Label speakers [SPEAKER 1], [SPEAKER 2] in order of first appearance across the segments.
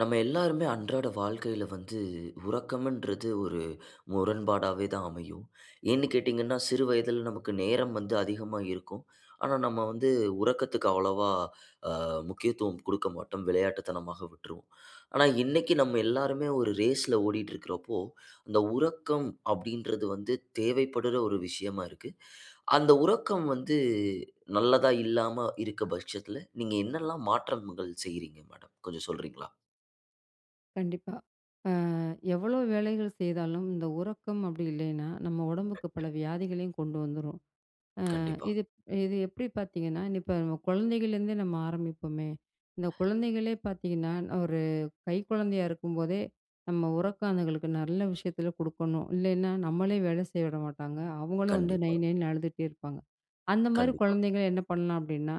[SPEAKER 1] நம்ம எல்லாருமே அன்றாட வாழ்க்கையில வந்து உறக்கம்ன்றது ஒரு முரண்பாடாவே தான் அமையும். ஏன்னு கேட்டீங்கன்னா, சிறு வயதில நமக்கு நேரம் வந்து அதிகமா இருக்கும். ஆனா, நம்ம வந்து உறக்கத்துக்கு அவ்வளவா ஆ முக்கியத்துவம் கொடுக்க மாட்டோம். விளையாட்டுத்தனமாக விட்டுருவோம். ஆனா, இன்னக்கி நம்ம எல்லாருமே ஒரு ரேஸ்ல ஓடிட்டு இருக்கிறப்போ, இந்த உறக்கம் அப்பிடின்றது வந்து தேவைப்படுற ஒரு விஷயமா இருக்கு. அந்த உறக்கம் வந்து நல்லதா இல்லாம இருக்க பட்சத்தில, நீங்க என்னெல்லாம் மாற்றங்கள் செய்றீங்க மேடம்? கொஞ்சம் சொல்றீங்களா?
[SPEAKER 2] கண்டிப்பா. ஆ எவ்ளோ வேலைகள் செய்தாலும் இந்த உறக்கம் அப்பிடி இல்லயின்னா, நம்ம உடம்புக்கு பல வியாதிகளையும் கொண்டு வந்துரும். அ
[SPEAKER 1] கண்டிப்பா.
[SPEAKER 2] இது இது எப்பிடி பார்த்தீங்கன்னா, நீ இப்ப நம்ம குழந்தைகள்லேருந்தே நம்ம ஆரம்பிப்பமே! இந்த குழந்தைகளே பார்த்தீங்கன்னா, ஒரு கை குழந்தையா இருக்கும்போதே, நம்ம உறக்கம் அதுங்களுக்கு நல்ல விஷயத்தில கொடுக்கணும். இல்லேன்னா, நம்மளே வேல செய்ய விட மாட்டாங்க. அவுங்களும் வந்து நை,
[SPEAKER 1] கண்டிப்பா.
[SPEAKER 2] நைன்னு அழுதுட்டே இருப்பாங்க. அந்தமாரி
[SPEAKER 1] கண்டிப்பா.
[SPEAKER 2] குழந்தைகள என்ன பண்ணலாம் அப்பிடின்னா,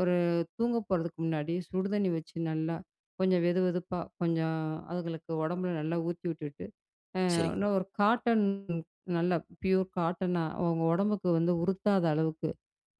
[SPEAKER 2] ஒரு தூங்க போறதுக்கு முன்னாடி சுடுதண்ணி வச்சு நல்லா கொஞ்சம் வெதுவெதுப்பா, கொஞ்சம் அதுகளுக்கு உடம்பில நல்லா ஊத்தி விட்டுட்டு, அ
[SPEAKER 1] சரிங்கம்மா.
[SPEAKER 2] இன்னம் ஒரு காட்டன், நல்லா ஃபியூர் காட்டனா அவுங்க உடம்புக்கு வந்து உறுத்தாத அளவுக்கு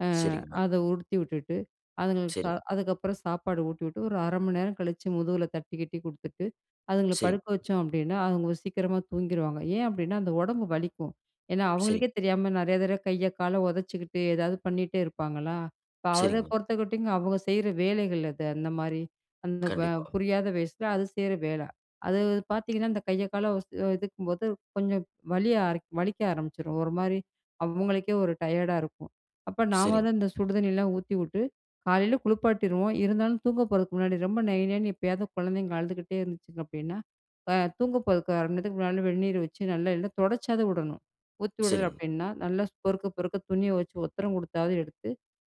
[SPEAKER 2] அ
[SPEAKER 1] சரிங்கம்மா.
[SPEAKER 2] அத உடுத்தி விட்டுட்டு, அதுங்களுக்கு ச
[SPEAKER 1] சரி.
[SPEAKER 2] அதுக்கப்பறம் சாப்பாடு ஊட்டிவிட்டு ஒரு 1/2 மணி நேரம் கழிச்சி, முதுகுல தட்டி கிட்டி குடுத்துட்டு, அதுங்கள படுக்க
[SPEAKER 1] சரிங்கம்மா.
[SPEAKER 2] வச்சோம் அப்பிடின்னா, அவுங்க சீக்கிரமா தூங்கிருவாங்க. ஏன் அப்பிடின்னா அந்த உடம்பு வலிக்கும். ஏன்னா,
[SPEAKER 1] சரி.
[SPEAKER 2] அவுங்களுக்கே தெரியாம நிறைய தடவ கைய கால உதச்சிக்கிட்டு, எதாவது பண்ணிட்டே இருப்பாங்களா! இப்போ அத
[SPEAKER 1] சரிங்கம்மா.
[SPEAKER 2] பொறுத்தக்கட்டிங்கும் அவுங்க செய்ற வேலைகள் அது. அந்தமாரி, அந்த அ
[SPEAKER 1] கண்டிப்பா.
[SPEAKER 2] புரியாத வயசுல அது செய்ற வேல. அது பார்த்தீங்கன்னா, அந்த கைய கால உத இதுக்கும்போது கொஞ்சம் வலியா அர வலிக்க ஆரம்பிச்சிரும். ஒருமாரி அவுங்களுக்கே ஒரு டயர்டா இருக்கும். அப்ப நாம
[SPEAKER 1] சரிங்க.
[SPEAKER 2] தான் இந்த சுடு தண்ணிலாம் ஊத்திவுட்டு காலையில குளிப்பாட்டிருவோம். இருந்தாலும் தூங்க போறதுக்கு முன்னாடி ரொம்ப நை, நைன்னு எப்பயாவது குழந்தைங்க அழுதுக்கிட்டே இருந்துச்சிங்க அப்பிடின்னா, இப்ப தூங்க போறதுக்கு 1/2 மணி நேரத்துக்கு முன்னாடி வெந்நீரு வச்சு நல்லா எல்லா துடைச்சாவது விடணும். ஊத்தி விடல
[SPEAKER 1] சரிங்க.
[SPEAKER 2] அப்பிடின்னா, நல்லா பொறுக்க, பொறுக்க துணிய வச்சு ஒத்தடம் கொடுத்தாவது எடுத்து,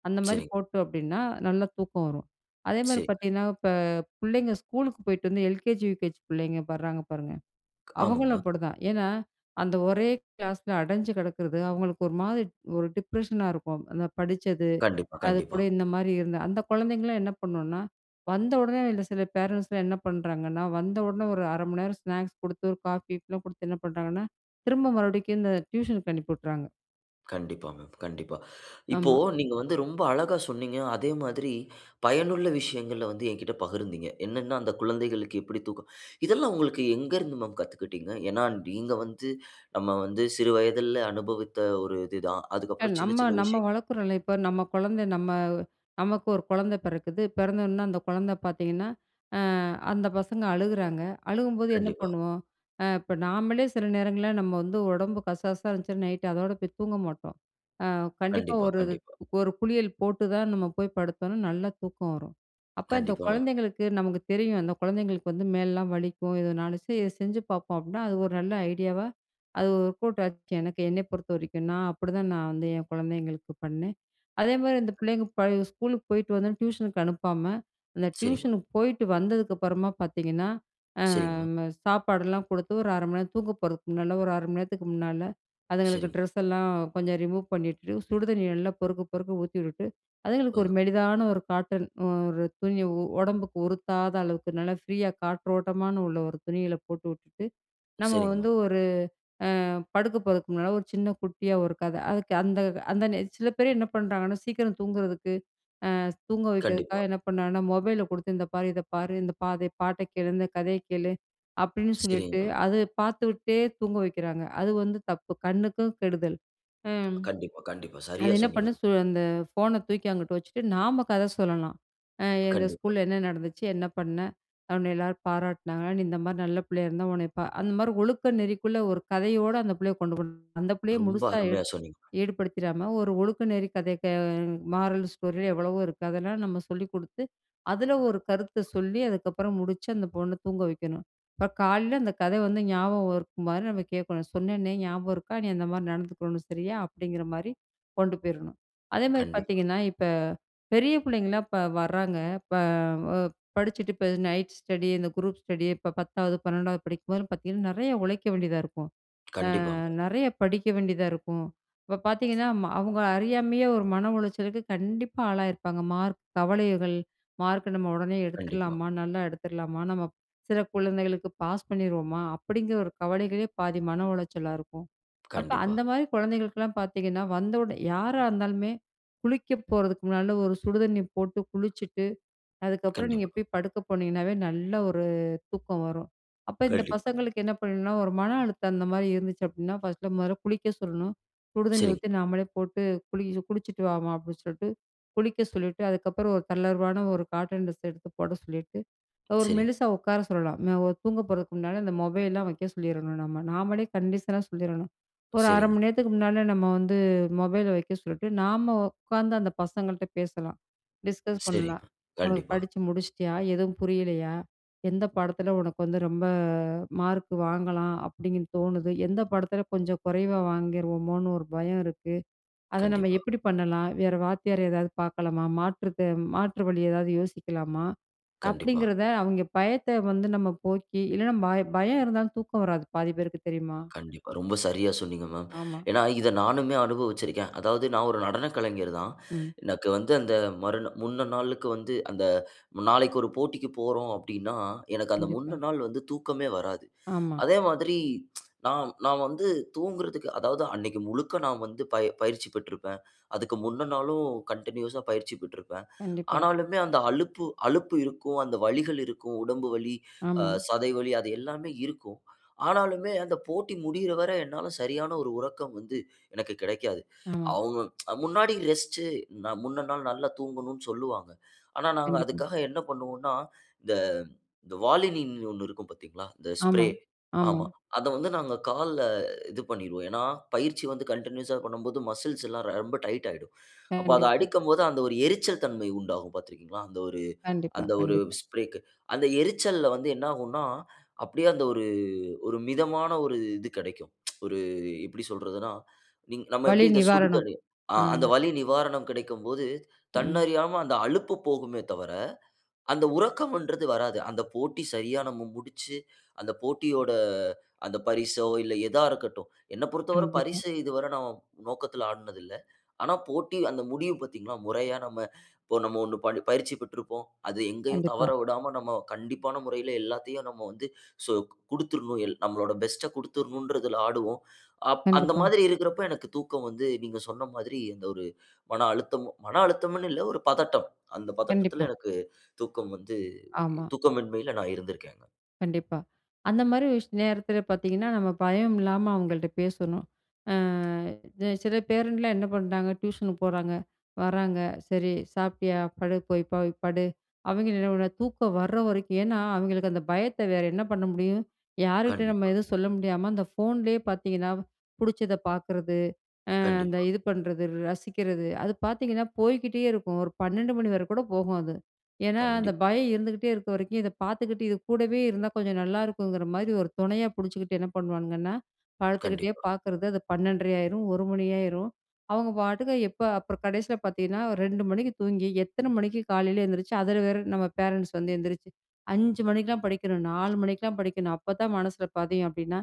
[SPEAKER 2] அந்தமாரி
[SPEAKER 1] சரிங்க.
[SPEAKER 2] போட்டோம் அப்பிடின்னா, நல்லா தூக்கம் வரும். அதேமாரி
[SPEAKER 1] சரி
[SPEAKER 2] பார்த்தீங்கன்னா, இப்ப பிள்ளைங்க ஸ்கூலுக்கு போயிட்டு வந்து எல்கேஜி, யூகேஜி பிள்ளைங்க பட்றாங்க பாருங்க.
[SPEAKER 1] ஆமாங்க,
[SPEAKER 2] அவுங்களும்
[SPEAKER 1] மேம்.
[SPEAKER 2] அப்பிடிதான். ஏன்னா, அந்த ஒரே கிளாஸ்ல அடஞ்சு கிடக்கிறது அவுங்களுக்கு ஒருமாரி ஒரு டிப்ரஷனா இருக்கும். அந்த படிச்சது,
[SPEAKER 1] கண்டிப்பா, கண்டிப்பா.
[SPEAKER 2] அதுகூட இந்தமாரி இருந்தா அந்த குழந்தைங்கலாம் என்ன பண்ணுனா, வந்த உடனே இல்ல சில பேரன்ட்ஸ்லாம் என்ன பண்ணுறாங்கன்னா, வந்த உடனே ஒரு 1/2 மணி நேரம் ஸ்நாக்ஸ் குடுத்து, ஒரு காஃபி கீப்பிலாம் கொடுத்து என்ன பண்றாங்கன்னா, திரும்ப மறுபடிக்கி இந்த டியூஷனுக்கு அனுப்பி விட்றாங்க.
[SPEAKER 1] கண்டிப்பாங்க கண்டிப்பா. இப்போ
[SPEAKER 2] ஆமா.
[SPEAKER 1] நீங்க வந்து ரொம்ப அழகா சொன்னீங்க. அதே மாதிரி பயனுள்ள விஷயங்கள வந்து எங்கிட்ட பகிர்ந்தீங்க. என்னன்னா அந்த குழந்தைகளுக்கு எப்படி தூக்கம். இதெல்லாம் உங்களுக்கு எங்கருந்து மேம் கத்துக்கிட்டீங்க? ஏன்னா நீங்க வந்து நம்ம வந்து சிறு வயதில்ல அனுபவித்த ஒரு இது தான்.
[SPEAKER 2] என
[SPEAKER 1] அதுக்கப்புறம் சின்ன
[SPEAKER 2] நம்ம
[SPEAKER 1] சின்ன
[SPEAKER 2] நம்ம
[SPEAKER 1] விஷயங்கள்
[SPEAKER 2] வளக்குறோல்ல இப்ப, நம்ம கொழந்த நம்ம நமக்கு 1 கொழந்த பெறக்குது. பெறந்தவொன்ன அந்த கொழந்த பார்த்தீங்கன்னா, அ அந்த பசங்க அழுகுறாங்க. அழுகும் போது என்ன
[SPEAKER 1] கண்டிப்பா.
[SPEAKER 2] பண்ணுவோம்?அ இப்ப நாமளே சில நேரங்கள்ல நம்ம வந்து ஒடம்பு கசாசன்னு இருந்துச்சுன்னா, நைட் அதோட போய் தூங்க மாட்டோம். அ கண்டிப்பா
[SPEAKER 1] கண்டிப்பா,
[SPEAKER 2] 1
[SPEAKER 1] கண்டிப்பா.
[SPEAKER 2] 1 குளியல் போட்டு தான் நம்ம போய் படுத்தோம்னா நல்லா தூக்கம் வரும். அப்ப இந்த
[SPEAKER 1] கண்டிப்பா மேம்.
[SPEAKER 2] கொழந்தைங்களுக்கு நமக்கு தெரியும், அந்த கொழந்தைங்களுக்கு வந்து மேல்லாம் வலிக்கும். எதனாலச்சும் சரி இத செஞ்சு பார்ப்போம். அப்டின்னா அது 1 நல்ல ஐடியாவா அது வொர்க் அவுட் ஆச்சு எனக்கு என்னை பொறுத்தவரைக்கும். நான் அப்டி தான் நான் வந்து என் கொழந்தைங்களுக்கு பண்ணேன். அதே மாதிரி இந்த
[SPEAKER 1] கண்டிப்பா.
[SPEAKER 2] புள்ளைங்க ப ஸ்கூலுக்கு போயிட்டு வந்து டியூஷனுக்கு அனுப்பாம, அந்த
[SPEAKER 1] சரிங்க.
[SPEAKER 2] டியூஷன் போயிட்டு வந்ததுக்கப்புறமா பார்த்தீங்கன்னா, அ
[SPEAKER 1] சரிங்க மேம்.
[SPEAKER 2] சாப்பாடுல்லாம் குடுத்து 1` 1/2 மணி நேரம் தூங்க போறதுக்கு முன்னால, 1 1/2 மணி நேரத்துக்கு முன்னால, அதுங்களுக்கு
[SPEAKER 1] சரிங்க.
[SPEAKER 2] டிரஸ் எல்லாம் கொஞ்சம் ரிமூவ் பண்ணிட்டு, சுடு தண்ணி நல்லா பொறுக்கப் பொறுக்க ஊத்தி விட்டு,
[SPEAKER 1] ஆ.
[SPEAKER 2] அதுங்களுக்கு 1 மெலிதான 1 காட்டன் 1 துணி, ஒடம்புக்கு உறுத்தாத அளவுக்கு நல்லா ஃப்ரீயா காற்றோட்டமான உள்ள 1 துணிகள போட்டு விட்டுட்டு, நம்ம
[SPEAKER 1] சரிங்க
[SPEAKER 2] வந்து
[SPEAKER 1] மா.
[SPEAKER 2] 1 அ படுக்கப் போறதுக்கு முன்னால 1 சின்ன குட்டியா 1 கத. அதுக்கு அந்த அந்த நேர சில பேர் என்ன பண்றாங்கன்னா, சீக்கிரம் தூங்குறதுக்கு, அ தூங்க
[SPEAKER 1] கண்டிப்பா.
[SPEAKER 2] வைக்கிறதுக்காக என்ன பண்றாங்கன்னா, மொபைல கொடுத்து இந்த பாரு இத பாரு இந்த பா பாட்ட கேளு, இந்த கதைய கேளு அப்டின்னு
[SPEAKER 1] சரிங்க
[SPEAKER 2] சொல்லிட்டு,
[SPEAKER 1] மா.
[SPEAKER 2] அது பார்த்து விட்டுட்டே தூங்க வைக்கிறாங்க. அது வந்து தப்பு. கண்ணுக்கும் கெடுதல். அ
[SPEAKER 1] கண்டிப்பா, கண்டிப்பா.
[SPEAKER 2] அது
[SPEAKER 1] சரியா
[SPEAKER 2] என்ன
[SPEAKER 1] சொன்னீங்க மா.
[SPEAKER 2] பண்ணனும் சு அந்த போனை தூக்கி அங்குட்டு வச்சுட்டு நாம கத சொல்லலாம். அ இந்த
[SPEAKER 1] கண்டிப்பா.
[SPEAKER 2] ஸ்கூல்ல என்ன நடந்துச்சு? என்ன பண்ண? உன்ன எல்லாரும் பாராட்டுனாங்களா? நீ இந்த மாதிரி நல்ல புள்ளையா இருந்தா உன்ன பா அந்த மாதிரி ஒழுக்க நெறிக்குள்ள 1 கதையோட அந்த புள்ளைய கொண்டு போகணும். அந்தப் புள்ளைய
[SPEAKER 1] ரொம்ப
[SPEAKER 2] முழுசா எடு
[SPEAKER 1] அருமையா சொன்னீங்க மா.
[SPEAKER 2] ஈடுபடுத்திடாம 1 ஒழுக்க நெறி கதை மாரல் ஸ்டோரி எவ்வளவோ இருக்கு. அதெல்லாம் நம்ம சொல்லிக் குடுத்து, அதுல 1 கருத்த சொல்லி அதுக்கப்புறம் முடிச்சு அந்த பொண்ண தூங்க வைக்கணும். இப்ப காலையில அந்த கத வந்து ஞாபகம் வர்ற மாரி நம்ம கேட்கணும். சொன்னனே ஞாபகம் இருக்கா? நீ அந்த மாரி நடந்துக்கணும் சரியா? அப்படிங்கிற மாரி கொண்டு போயிரணும். அதே மாரி
[SPEAKER 1] கண்டிப்பா.
[SPEAKER 2] பார்த்தீங்கன்னா, இப்ப பெரிய புள்ளைங்கள்லாம் இப்ப வர்றாங்க, இப்ப வ படிச்சுட்டு இப்ப நைட் ஸ்டடி இந்த குரூப் ஸ்டடி இப்ப 10வது 12வது படிக்கும் போதும் பார்த்தீங்கன்னா, நெறைய உழைக்க வேண்டியதா இருக்கும். அ
[SPEAKER 1] கண்டிப்பாங்க.
[SPEAKER 2] நெறைய படிக்க வேண்டியதா இருக்கும். இப்ப பார்த்தீங்கன்னா, ம அவங்க அறியாமையே 1 மன உளைச்சலுக்கு கண்டிப்பா ஆளாகி இருப்பாங்க. மார்க் கவலைகள், மார்க் நம்ம ஒடனே
[SPEAKER 1] கண்டிப்பா.
[SPEAKER 2] எடுத்துரலாமா? நல்லா எடுத்துரலாமா? நம்ம சில கொழந்தைங்களுக்கு பாஸ் பண்ணிருவோமா? அப்படிங்கிற 1 கவலைகளே பாதி மன உளைச்சலா இருக்கும். அப்ப
[SPEAKER 1] கண்டிப்பா.
[SPEAKER 2] அந்த மாதிரி கொழந்தைங்களுக்குலாம் பார்த்தீங்கன்னா வந்த ஒடனே யாரா இருந்தாலுமே குளிக்கப் போறதுக்கு முன்னால 1 சுடு தண்ணி போட்டு குளிச்சிட்டு, அதுக்கப்புறம் நீங்க
[SPEAKER 1] கண்டிப்பா.
[SPEAKER 2] போய் படுக்க போனீங்கன்னாவே நல்லா 1 தூக்கம் வரும். அப்ப இந்த
[SPEAKER 1] கண்டிப்பா.
[SPEAKER 2] பசங்களுக்கு என்ன பண்ணனும்னா 1 மன அழுத்தம் அந்த மாதிரி இருந்துச்சு அப்டின்னா பர்ஸ்ட் முதல்ல குளிக்க சொல்லணும். சுடு தண்ணி
[SPEAKER 1] சரிங்க.
[SPEAKER 2] ஊத்தி நாமளே போட்டு குளிக குளிச்சிட்டு வாம்மா அப்டின்னு சொல்லிட்டு குளிக்க சொல்லிட்டு, அதுக்கப்புறம் 1 தளர்வான 1 காட்டன் டிரஸ் எடுத்துப் போட சொல்லிட்டு 1
[SPEAKER 1] சரி.
[SPEAKER 2] நிமிஷம் உட்கார சொல்லலாம். தூங்க போறதுக்கு முன்னால அந்த மொபைல்லாம் வெக்க சொல்லிரணும் நம்ம. நாமளே கண்டிஷனா சொல்லிரணும். 1 1/2
[SPEAKER 1] சரி.
[SPEAKER 2] மணி நேரத்துக்கு முன்னால நம்ம வந்து மொபைல வெக்க சொல்லிட்டு, நாம உட்கார்ந்து அந்த பசங்கள்ட்ட பேசலாம், டிஸ்கஸ்
[SPEAKER 1] சரிங்க
[SPEAKER 2] பண்ணலாம்.
[SPEAKER 1] மேம்.
[SPEAKER 2] ஒனக்கு
[SPEAKER 1] கண்டிப்பா.
[SPEAKER 2] படிச்சு முடிச்சுட்டியா? எதுவும் புரியலையா? எந்த பாடத்துல உனக்கு வந்து ரொம்ப மார்க் வாங்கலாம் அப்டிங்றது தோணுது? எந்த பாடத்துல கொஞ்சம் குறைவா வாங்கிருவோமோன்னு 1 பயம் இருக்கு? அத நம்ம
[SPEAKER 1] கண்டிப்பா.
[SPEAKER 2] எப்படி பண்ணலாம்? வேற வாத்தியார் யாராவது பார்க்கலாமா? மாற்று தே மாற்று வழி ஏதாவது யோசிக்கலாமா?
[SPEAKER 1] கண்டிப்பா.
[SPEAKER 2] அப்டிங்கிறத அவங்க பயத்த வந்து நம்ம போக்கி, இல்லன்னா பயம் பயம் இருந்தா தூக்கம் வராது பாதி பேருக்கு தெரியுமா?
[SPEAKER 1] கண்டிப்பா ரொம்ப சரியா சொன்னீங்க மேம்.
[SPEAKER 2] ஆமா.
[SPEAKER 1] ஏன்னா இத நானுமே அனுபவிச்சிருக்கேன். அதாவது நான் 1 நடன கலைஞர் தான்.
[SPEAKER 2] ம்.
[SPEAKER 1] எனக்கு வந்து 1 அந்த மறுநா முந்த நாளுக்கு வந்து அந்த நாளைக்கு 1 போட்டிக்கு போறோம் அப்டின்னா, எனக்கு அந்த
[SPEAKER 2] கண்டிப்பா.
[SPEAKER 1] முன்ன நாள் வந்து தூக்கமே வராது.
[SPEAKER 2] ஆமா.
[SPEAKER 1] அதே மாதிரி நான் நான் வந்து தூங்குறதுக்கு அதாவது அன்னைக்கி முழுக்க நான் வந்து பயி பயிற்சி பெற்றிருப்பேன். அதுக்கு முன்ன நாளும் கன்டினியூஸ்ஸா பயிற்சி பெற்றிருப்பேன்.
[SPEAKER 2] கண்டிப்பா.
[SPEAKER 1] ஆனாலுமே அந்த அலுப்பு அலுப்பு இருக்கும் அந்த வலிகள் இருக்கும். உடம்பு வலி, அ
[SPEAKER 2] ஆமா.
[SPEAKER 1] சதை வலி அது எல்லாமே இருக்கும். ஆனாலுமே அந்த போட்டி முடியிற வர என்னால சரியான 1 உறக்கம் வந்து எனக்கு கெடைக்காது.
[SPEAKER 2] ஆ.
[SPEAKER 1] அவங்க முன்னாடி ரெஸ்ட் முன்ன நாள் நல்லா தூங்கணும்னு சொல்லுவாங்க. ஆனா நாங்க
[SPEAKER 2] கண்டிப்பா.
[SPEAKER 1] அதுக்காக என்ன பண்ணுவோம்னா இந்த இந்த Volini 1 இருக்கும் பார்த்தீங்ளா? இந்த
[SPEAKER 2] ஆமா,
[SPEAKER 1] ஸ்ப்ரே.
[SPEAKER 2] ஆமா.
[SPEAKER 1] ஆமா. அத வந்து நாங்க கால்ல இது பண்ணிருவோம். ஏன்னா பயிற்சி வந்து கன்டின்யூஸ்ஸா பண்ணும்போது மஸ்ல்ஸ்லாம் ரொம்ப டைட் ஆயிடும். அப்போ அத
[SPEAKER 2] கண்டிப்பா.
[SPEAKER 1] அடிக்கும்போது அந்த 1 எரிச்சல் தன்மை உண்டாகும் பார்த்து இருக்கிறீங்ளா? அந்த 1
[SPEAKER 2] கண்டிப்பா,
[SPEAKER 1] அந்த 1
[SPEAKER 2] கண்டிப்பா.
[SPEAKER 1] ஸ்ப்ரேக்கு. அந்த எரிச்சல்ல வந்து என்ன ஆகும்னா அப்டியே அந்த 1 1 மிதமான 1 இது கெடைக்கும். 1 எப்டி சொல்றது? நம்ம
[SPEAKER 2] வலி
[SPEAKER 1] எப்டி இத
[SPEAKER 2] நிவாரணம்.
[SPEAKER 1] சுடுதண்ணீர்?
[SPEAKER 2] அ.
[SPEAKER 1] அந்த வலி நிவாரணம் கெடைக்கும் போது
[SPEAKER 2] ம்.
[SPEAKER 1] தன்னறியாம அந்த அழுப்பு போகுமே தவிர அந்த உறக்கன்றது வராது. அந்த போட்டி சரியா நம்ம முடிச்சு, அந்த போட்டியோட அந்த பரிசோ இல்ல எதா இருக்கட்டும். என்ன பொறுத்தவரை
[SPEAKER 2] கண்டிப்பா.
[SPEAKER 1] பரிச இதுவர நம்ம நோக்கத்துல ஆடினது இல்ல. ஆனா போட்டி அந்த முடிவு பார்த்தீங்ளா? மொறையா நம்ம இப்போ நம்ம 1 ப பயிற்சி பெற்றிருப்போம். அது எங்கேயும்
[SPEAKER 2] கண்டிப்பா.
[SPEAKER 1] தவற விடாம நம்ம கண்டிப்பான முறையில எல்லாத்தையும் நம்ம வந்து சொ குடுத்துரணும். எல் நம்மளோட பெஸ்ட்ட குடுத்துரணுன்றதுல ஆடுவோம். அப் அந்த
[SPEAKER 2] கண்டிப்பா
[SPEAKER 1] மாதிரி இருக்கிறப்போ எனக்கு தூக்கம் வந்து நீங்க சொன்ன மாதிரி அந்த 1 மன அழுத்தம், மன அழுத்தம்னு இல்ல 1 பதட்டம். அந்த பதட்டத்துல
[SPEAKER 2] கண்டிப்பா.
[SPEAKER 1] எனக்கு தூக்கம் வந்து
[SPEAKER 2] ஆமா.
[SPEAKER 1] தூக்கமின்மையில நான் இருந்திருக்கேன்ங்க.
[SPEAKER 2] கண்டிப்பா. அந்த மாரி விஷய நேரத்துல பார்த்தீங்கன்னா, நம்ம பயம் இல்லாம அவங்கள்ட்ட பேசணும். அ சில பேரண்ட்லாம் என்ன பண்றாங்க? டியூஷனுக்கு போறாங்க, வர்றாங்க, சரி சாப்ட்டியா? படு, போய் போய் படு. அவங்க என்னன்னா தூக்கம் வர்ற வரைக்கும் ஏன்னா அவங்களுக்கு அந்த பயத்த வேற என்ன பண்ண முடியும்? யாருகிட்டயும்
[SPEAKER 1] கண்டிப்பா.
[SPEAKER 2] எதுவும் சொல்ல முடியாம, அந்த போன்லயே பார்த்தீங்கன்னா புடிச்சத பார்க்குறது, அ அந்த
[SPEAKER 1] கண்டிப்பா.
[SPEAKER 2] இது பண்றது, ரசிக்கிறது. அது பார்த்தீங்கன்னா, போய்கிட்டே இருக்கும். 1 12 மணி வரை கூட போகும் அது. ஏன்னா அந்த
[SPEAKER 1] கண்டிப்பா.
[SPEAKER 2] பயம் இருந்துகிட்டே இருக்க வரைக்கும் இத பார்த்துகிட்டு இது கூடவே இருந்தா கொஞ்சம் நல்லா இருக்குங்கிற மாதிரி 1 தொணையா புடிச்சுக்கிட்டு என்ன பண்ணுவானுங்கன்னா, படுத்துகிட்டே
[SPEAKER 1] கண்டிப்பா.
[SPEAKER 2] பார்க்கிறது, அது 12 1/2 ஆயிரும் 1 மணி ஆயிரும். அவங்க பாட்டுக்கு எப்ப அப்புறம் கடைசியில பார்த்தீங்கன்னா 2 மணிக்கு தூங்கி, எத்தனை மணிக்கு காலையில எந்திரிச்சு, அதுல வேற நம்ம பேரண்ட்ஸ் வந்து எந்திரிச்சு 5 மணிக்குல்லாம் படிக்கணும், 4 மணிக்குல்லாம் படிக்கணும், அப்ப தான் மனசுல பதியும் அப்டின்னா,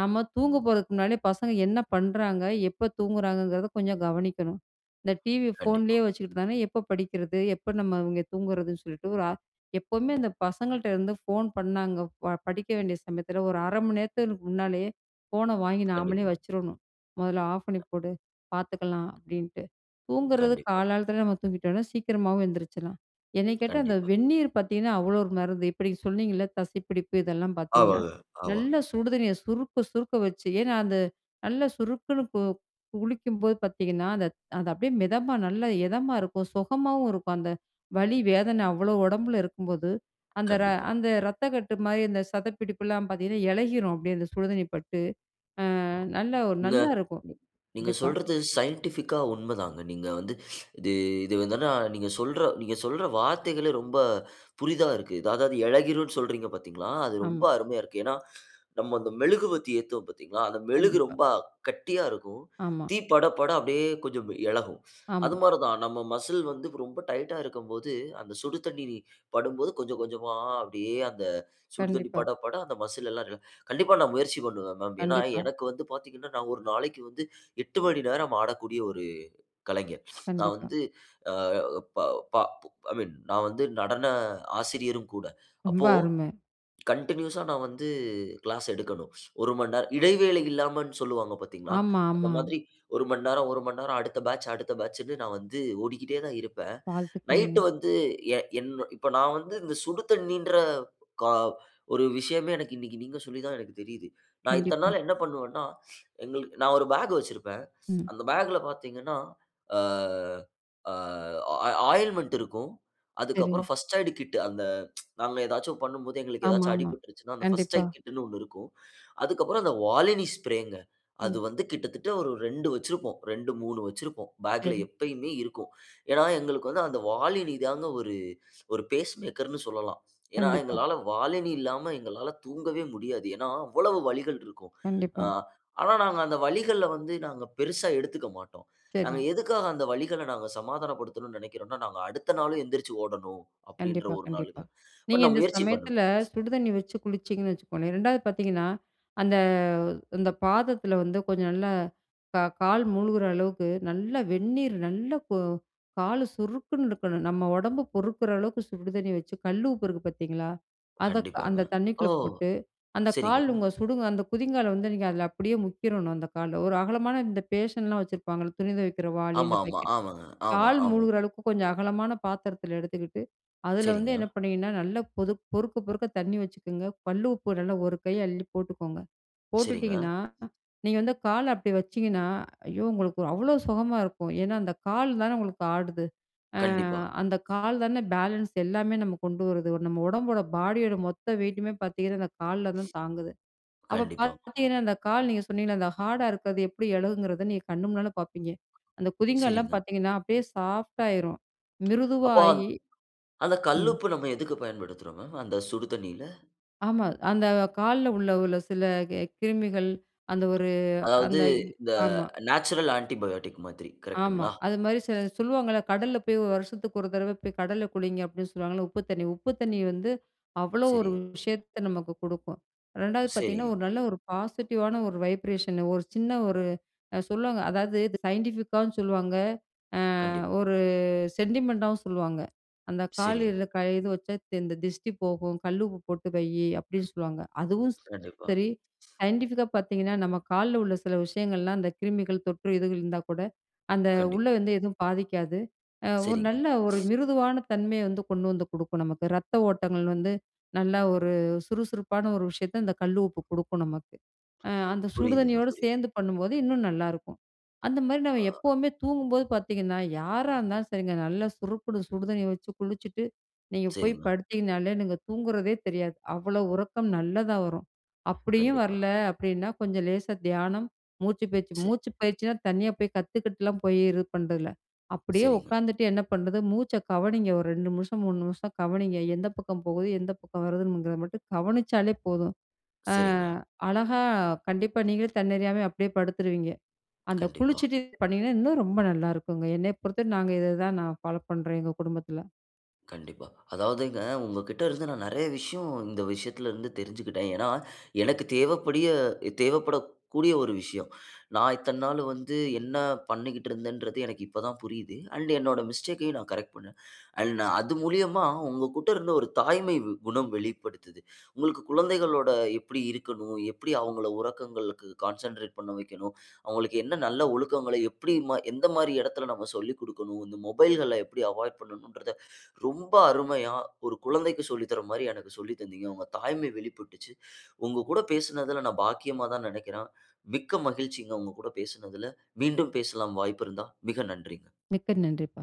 [SPEAKER 2] நம்ம தூங்க போறதுக்கு முன்னால பசங்க என்ன பண்றாங்க, எப்ப தூங்குறாங்கங்றத கொஞ்சம் கவனிக்கணும். இந்த டிவி
[SPEAKER 1] கண்டிப்பா.
[SPEAKER 2] போன்லையே வச்சுட்டு இருந்தாங்கன்னா, எப்ப படிக்கிறது? எப்ப நம்ம இவங்க தூங்குறதுன்னு சொல்லிட்டு, ஒரு ஆ எப்பவுமே அந்த பசங்ககிட்ட இருந்து போன் பண்ணாங்க படிக்க வேண்டிய சமயத்துல 1 1/2 மணி நேரத்துக்கு முன்னாலயே போன வாங்கி நாமளே
[SPEAKER 1] கண்டிப்பா.
[SPEAKER 2] வச்சிரணும். மொதல்ல ஆஃப் பண்ணி போடு, பாத்துக்கலாம் அப்டின்ட்டு. தூங்குறது
[SPEAKER 1] கண்டிப்பா.
[SPEAKER 2] கால காலத்துல நம்ம தூங்கிட்டோம்னா சீக்கிரமாவும் எந்திரிச்சிரலாம். என்னைய கேட்டா அந்த
[SPEAKER 1] கண்டிப்பா.
[SPEAKER 2] வெந்நீர் பார்த்தீங்கன்னா, அவ்வளவு 1 மருந்து. இப்ப நீங்க சொன்னீங்களே தசைப்பிடிப்பு இதெல்லாம் பார்த்தீங்கன்னா,
[SPEAKER 1] ஆமாங்க, ஆமா.
[SPEAKER 2] நல்லா சுடு தண்ணிய சுறுக்கு சுறுக்குன்னு வச்சு ஏன்னா அது நல்லா சுறுக்குன்னு கு குளிக்கும் போது பார்த்தீங்கன்னா, அந்த அது அப்டியே மிதமா நல்லா இதமா இருக்கும், சொகமாவும் இருக்கும். அந்த வலி வேதனை அவ்வளவு ஒடம்புல இருக்கும் போது, அந்த ர
[SPEAKER 1] கண்டிப்பா.
[SPEAKER 2] அந்த ரத்த கட்டு மாதிரி அந்த சதைப்பிடிப்புல்லாம் பார்த்தீங்கன்னா, எளகிரும் அப்டியே. அந்த சுடு தண்ணி பட்டு அ நல்லா 1
[SPEAKER 1] நீங்க
[SPEAKER 2] நல்லா இருக்கும்
[SPEAKER 1] நீங்க
[SPEAKER 2] கண்டிப்பா.
[SPEAKER 1] சொல்றது சைன்டிஃபிக்கா உண்மைதாங்க. நீங்க வந்து இது இது வந்துனா நீங்க சொல்ற நீங்க சொல்ற வார்த்தைகளே ரொம்ப புதிதா இருக்கு. அதாவது இளகிரும்னு சொல்றீங்க பார்த்தீங்களா? அது ரொம்ப
[SPEAKER 2] ஆமா.
[SPEAKER 1] அருமையா இருக்கு. ஏன்னா. நம்ம அந்த மெழுகு பத்தி ஏத்துவோம் பார்த்தீங்களா? அந்த மெழுகு
[SPEAKER 2] கண்டிப்பா.
[SPEAKER 1] ரொம்ப கட்டியா இருக்கும்.
[SPEAKER 2] ஆமா.
[SPEAKER 1] தீ பட பட அப்டியே கொஞ்சம் எளகும். அது
[SPEAKER 2] ஆமா.
[SPEAKER 1] மாதிரி தான் நம்ம மஸ்ல் வந்து ரொம்ப டைட்டா இருக்கும்போது அந்த சுடு தண்ணீர் படும்போது கொஞ்சம் கொஞ்சமா அப்டியே அந்த சுடு தண்ணீர்
[SPEAKER 2] கண்டிப்பா.
[SPEAKER 1] பட பட அந்த மஸ்ல் எல்லாம் இருக்கும். கண்டிப்பா நான் முயற்சி பண்ணுவேன் மேம். ஏன்னா
[SPEAKER 2] கண்டிப்பா.
[SPEAKER 1] எனக்கு வந்து பார்த்தீங்கன்னா நான் 1 நாளைக்கு வந்து 8 மணி நேரம் ஆடக்கூடிய 1 கலைஞர். நான்
[SPEAKER 2] கண்டிப்பா.
[SPEAKER 1] வந்து ப ப ஐ மீன் நான் வந்து நடன ஆசிரியரும் கூட
[SPEAKER 2] ரொம்ப
[SPEAKER 1] அப்போ
[SPEAKER 2] அருமை.
[SPEAKER 1] கன்டினியூஸ்ஸா நான் வந்து கிளாஸ் எடுக்கணும். 1 மணிநேரம் இடைவேளை இல்லாமல்னு சொல்வாங்க பார்த்தீங்களா?
[SPEAKER 2] ஆமா,
[SPEAKER 1] அந்த
[SPEAKER 2] ஆமா.
[SPEAKER 1] மாதிரி 1 மணி நேரம், 1 மணிநேரம், அடுத்த பேட்ச் அடுத்த பேட்ச்னு நான் வந்து ஓடிக்கிட்டே தான் இருப்பேன்.
[SPEAKER 2] வாழ்த்துக்கள்ங்க.
[SPEAKER 1] நைட்டு வந்து எ என் இப்போ நான் வந்து இந்த சுடு தண்ணீர்ன்ற க 1 விஷயமே எனக்கு இன்னைக்கி நீங்க சொல்லித்தான் எனக்கு தெரியுது. நான் இத்தனை
[SPEAKER 2] கண்டிப்பா.
[SPEAKER 1] நாள் என்ன பண்ணுவேன்னா எங்களுக்கு நான் 1 பாக் வச்சிருப்பேன்.
[SPEAKER 2] ம்.
[SPEAKER 1] அந்த பாக்ல பார்த்தீர்ங்கன்னா, ஆ ஆ ஆ ஆயின்மென்ட் இருக்கும். அதுக்கப்புறம்
[SPEAKER 2] சரி.
[SPEAKER 1] பர்ஸ்ட் எய்ட் கிட் அந்த நாங்க ஏதாச்சும் பண்ணும்போது எங்களுக்கு ஏதாச்சும்
[SPEAKER 2] ஆமாமா,
[SPEAKER 1] அடிபட்டுருச்சுனா அந்த பர்ஸ்ட்
[SPEAKER 2] கண்டிப்பா.
[SPEAKER 1] எய்ட் கிட்டுனு 1 இருக்கும். அதுக்கப்புறம் அந்த Volini ஸ்ப்ரேங்க அது
[SPEAKER 2] ம்.
[SPEAKER 1] வந்து கிட்டத்தட்ட 1 2 வச்சிருப்போம். 2, 3 வச்சிருப்போம். பேக்ல
[SPEAKER 2] சரி.
[SPEAKER 1] எப்பயுமே இருக்கும். ஏன்னா எங்களுக்கு வந்து அந்த வாலினி தான் 1 1 பேஸ் மேக்கர்னு சொல்லலாம். ஏன்னா
[SPEAKER 2] கண்டிப்பா.
[SPEAKER 1] எங்களால Volini இல்லாம எங்களால தூங்கவே முடியாது. ஏன்னா அவ்வளவு வலிகள் இருக்கும். ஆ
[SPEAKER 2] கண்டிப்பா.
[SPEAKER 1] ஆனா நாங்க அந்த வலிகள வந்து நாங்க பெரிசா எடுத்துக்க மாட்டோம்.
[SPEAKER 2] சரி.
[SPEAKER 1] நாங்க எதுக்காக அந்த வலிகள நாங்க சமாதானப்படுத்தனும்னு நினைக்கிறோம்னா, நாங்க அடுத்த நாளும் எழுந்திரிச்சு ஓடணும் அப்டின்கிற
[SPEAKER 2] கண்டிப்பா,
[SPEAKER 1] 1
[SPEAKER 2] கண்டிப்பா.
[SPEAKER 1] நாளுக்கு தான். பட்
[SPEAKER 2] நீங்க
[SPEAKER 1] நான்
[SPEAKER 2] இந்த
[SPEAKER 1] முயற்சி பண்ணுவேன்.
[SPEAKER 2] சமயத்துல சுடு தண்ணி வச்சு குளிச்சீங்கன்னு வச்சுக்கோங்களேன், 2 பார்த்தீங்கன்னா, அந்த அந்த பாதத்துல வந்து, கொஞ்சம் நல்லா க கால் மூழ்கிற அளவுக்கு, நல்லா வெந்நீர் நல்லா கு கால் சுறுக்குன்னு இருக்கணும், நம்ம ஒடம்பு பொறுக்குற அளவுக்கு சுடு தண்ணி வச்சு, கல்லுப்பு இருக்கு பார்த்தீங்களா? அத
[SPEAKER 1] கண்டிப்பாங்க.
[SPEAKER 2] அந்த
[SPEAKER 1] ஓ!
[SPEAKER 2] தண்ணிக்குள்ள போட்டு, அந்த
[SPEAKER 1] சரிங்க.
[SPEAKER 2] கால் உங்க அந்த குதிங்கால வந்து நீங்க அதுல அப்படியே முக்கிரணும் அந்த கால். 1 அகலமான இந்த பேசன்ல்லாம் வச்சிருப்பாங்களே, துணி துவைக்கிற வாளி
[SPEAKER 1] ஆமா,
[SPEAKER 2] அந்த
[SPEAKER 1] ஆமா.
[SPEAKER 2] பக்கெட்,
[SPEAKER 1] ஆமாங்க. ஆமா,
[SPEAKER 2] கால்
[SPEAKER 1] ஆமா.
[SPEAKER 2] மூழ்கிற அளவுக்கு கொஞ்சம் அகலமான பாத்திரத்துல எடுத்துக்கிட்டு அதுல வந்து என்ன
[SPEAKER 1] சரிங்க.
[SPEAKER 2] பண்ணீங்கன்னா, நல்லா பொது பொறுக்கப் பொறுக்க தண்ணி வச்சுக்கோங்க, கல்லுப்பு நல்லா 1 கை அள்ளிப் போட்டுக்கோங்க.
[SPEAKER 1] சரிங்க.
[SPEAKER 2] போட்டுட்டீங்கன்னா நீங்க வந்து கால அப்படி வச்சீங்கன்னா ஐயோ உங்களுக்கு அவ்வளவு சொகமா இருக்கும். ஏன்னா அந்த கால் தான உங்களுக்கு ஆடுது? அ
[SPEAKER 1] கண்டிப்பா.
[SPEAKER 2] அந்த கால் தான பேலன்ஸ் எல்லாமே நமக்கு கொண்டு வருது? நம்ம உடம்போட, பாடியோட மொத்த வெயிட்டுமே பார்த்தீங்கன்னா அந்த கால்ல தான் தாங்குது. அப்ப
[SPEAKER 1] கண்டிப்பா.
[SPEAKER 2] பார்த்தீங்கன்னா, அந்த கால் நீங்க சொன்னீங்களே அந்த ஹார்டா இருக்குறது எப்படி எளகும்ங்கிறத நீங்க கண்ணு முன்னால பார்ப்பீங்க. அந்த குதிங்கால்லாம்
[SPEAKER 1] சரிங்க.
[SPEAKER 2] பார்த்தீங்கன்னா, அப்டியே சாஃப்டா ஆயிரும்
[SPEAKER 1] அப்போ
[SPEAKER 2] மிருதுவாகி
[SPEAKER 1] அந்த
[SPEAKER 2] ம்.
[SPEAKER 1] கல்லுப்பு நம்ம எதுக்கு பயன்படுத்துறோம் மேம்? அந்த சுடு தண்ணீர்ல.
[SPEAKER 2] ஆமா அந்த கால்ல உள்ள உள்ள சில க கிருமிகள் அந்த 1
[SPEAKER 1] அதாவது
[SPEAKER 2] அந்த
[SPEAKER 1] இந்த
[SPEAKER 2] ஆமா.
[SPEAKER 1] நேச்சுரல் ஆன்ட்டிக் பயாடிக் மாதிரி
[SPEAKER 2] ஆமா
[SPEAKER 1] கரெக்ட்ங்களா?
[SPEAKER 2] அது மாதிரி சில சொல்லுவாங்கல்ல கடல்ல போய் 1 வருஷத்துக்கு 1 தடவ போய் கடல்ல குளிங்க அப்டின்னு சொல்லுவாங்கல்ல? உப்பு தண்ணி. உப்பு தண்ணி வந்து அவ்வளவு 1
[SPEAKER 1] சரி.
[SPEAKER 2] விஷயத்த நமக்கு குடுக்கும். 2வது பார்த்தீங்கன்னா,
[SPEAKER 1] சரி.
[SPEAKER 2] 1 நல்ல 1 பாசிட்டிவான 1 வைப்ரேஷன் 1 சின்ன 1 சொல்லுவாங்க, அதாவது இது சயின்டிஃபிக்காவும் சொல்லுவாங்க அ
[SPEAKER 1] கண்டிப்பா.
[SPEAKER 2] 1 செண்டிமெண்டாவும் சொல்லுவாங்க. அந்த
[SPEAKER 1] சரி.
[SPEAKER 2] கால்ல இது வச்சா இந்த திஷ்டி போகும், கல்லுப்பு போட்டு வை அப்படின்னு சொல்லுவாங்க. அதுவும்
[SPEAKER 1] கண்டிப்பா.
[SPEAKER 2] சரி, சயின்டிஃபிக்கா பார்த்தீங்கன்னா, நம்ம கால்ல உள்ள சில விஷயங்கள் எல்லாம் அந்த கிருமிகள் தொற்று இதுகள் இருந்தா கூட, அந்த உள்ள
[SPEAKER 1] கண்டிப்பா.
[SPEAKER 2] வந்து எதுவும் பாதிக்காது. 1
[SPEAKER 1] சரிங்க.
[SPEAKER 2] நல்ல 1 மிருதுவான தன்மையை வந்து கொண்டு வந்து குடுக்கும் நமக்கு. ரத்த ஓட்டங்கள் வந்து நல்லா 1 சுறுசுறுப்பான 1 விஷயத்த இந்த கல்லுப்பு குடுக்கும் நமக்கு. அ அந்த சுடு
[SPEAKER 1] புரிதுங்க,
[SPEAKER 2] தண்ணியோட
[SPEAKER 1] புரிது.
[SPEAKER 2] சேர்ந்து பண்ணும் போது இன்னும் நல்லா இருக்கும். அந்த மாதிரி நம்ம
[SPEAKER 1] ஆ.
[SPEAKER 2] எப்பவுமே தூங்கும் போது பார்த்தீங்கன்னா, யாரா இருந்தாலும் சரிங்க, நல்லா சுறுக்குன்னு சுடு தண்ணி வச்சு குளிச்சுட்டு நீங்க போய்
[SPEAKER 1] சரிங்க மேம்.
[SPEAKER 2] படுத்தீங்கன்னாலே நீங்க தூங்குறதே தெரியாது. அவ்வளவு உறக்கம் நல்லதா வரும். அப்டியும்
[SPEAKER 1] கண்டிப்பா.
[SPEAKER 2] வரல அப்டின்னா கொஞ்சம் லேசா தியானம், மூச்சுப் பயிற்சி.
[SPEAKER 1] சரி.
[SPEAKER 2] மூச்சுப் பயிற்சின்னா தனியா போய் கத்துக்கிட்டுலாம் போய் இது பண்றது இல்ல. அப்டியே
[SPEAKER 1] சரிங்க.
[SPEAKER 2] உட்கார்ந்துட்டு என்ன பண்றது? மூச்சை கவனிங்க 1 2 நிமிஷம் 3 நிமிஷம் கவனிங்க. எந்த பக்கம் போகுது எந்த பக்கம் வருதுங்கறத மட்டும் கவனிச்சாலே போதும். அ
[SPEAKER 1] சரிங்க மேம்.
[SPEAKER 2] அழகா கண்டிப்பா நீங்களே தன்னறியாம அப்டியே படுத்துருவீங்க. அந்த
[SPEAKER 1] கண்டிப்பா.
[SPEAKER 2] குளிச்சிட்டு பண்ணீங்கன்னா இன்னும் ரொம்ப நல்லா இருக்குங்க என்னை பொறுத்தவரை நாங்க இத தான் நான் ஃபாலோ பண்றோம் எங்க குடும்பத்துல.
[SPEAKER 1] கண்டிப்பா. அதாவதுங்க உங்ககிட்ட இருந்து நான் நிறைய விஷயம் இந்த விஷயத்துலருந்து தெரிஞ்சுகிட்டேன். ஏன்னா எனக்கு தேவைப்படிய தேவைப்படக்கூடிய 1 விஷயம். நான் இத்தன நாள் வந்து என்ன பண்ணிக்கிட்டு இருந்தேன்றது எனக்கு இப்ப தான் புரியுது. அண்ட் என்னுடைய மிஸ்டேக்கயும் நான் கரெக்ட் பண்னேன். அண்ட் அது மூலியமா உங்ககிட்ட இருந்து 1 தாய்மை குணம் வெளிப்படுத்துது. உங்களுக்கு குழந்தைகளோட எப்டி இருக்கணும்? எப்டி அவங்கள உறக்கங்களுக்கு கான்சன்ட்ரேட் பண்ண வைக்கணும்? அவங்களுக்கு என்ன நல்ல ஒழுக்கங்கள, எப்டி மா எந்த மாதிரி எடத்தில நம்ம சொல்லிக் கொடுக்கணும்? இந்த மொபைல்கள எப்டி அவாய்ட் பண்ணனும்ன்கிறத ரொம்ப அருமையா 1 கொழந்தைக்கு சொல்லி தர்ற மாதிரி எனக்கு சொல்லி தந்தீங்க. உங்க தாய்மை வெளிப்பட்டுச்சு. உங்கள் கூட பேசுனதுல நான் பாக்கியமா தான் நெனைக்கிறேன். மிக்க மகிழ்ச்சிங்க உங்க கூட பேசினதில. மீண்டும் பேசலாம் வாய்ப்பு இருந்தா. மிக நன்றிங்க.
[SPEAKER 2] மிக்க நன்றிப்பா.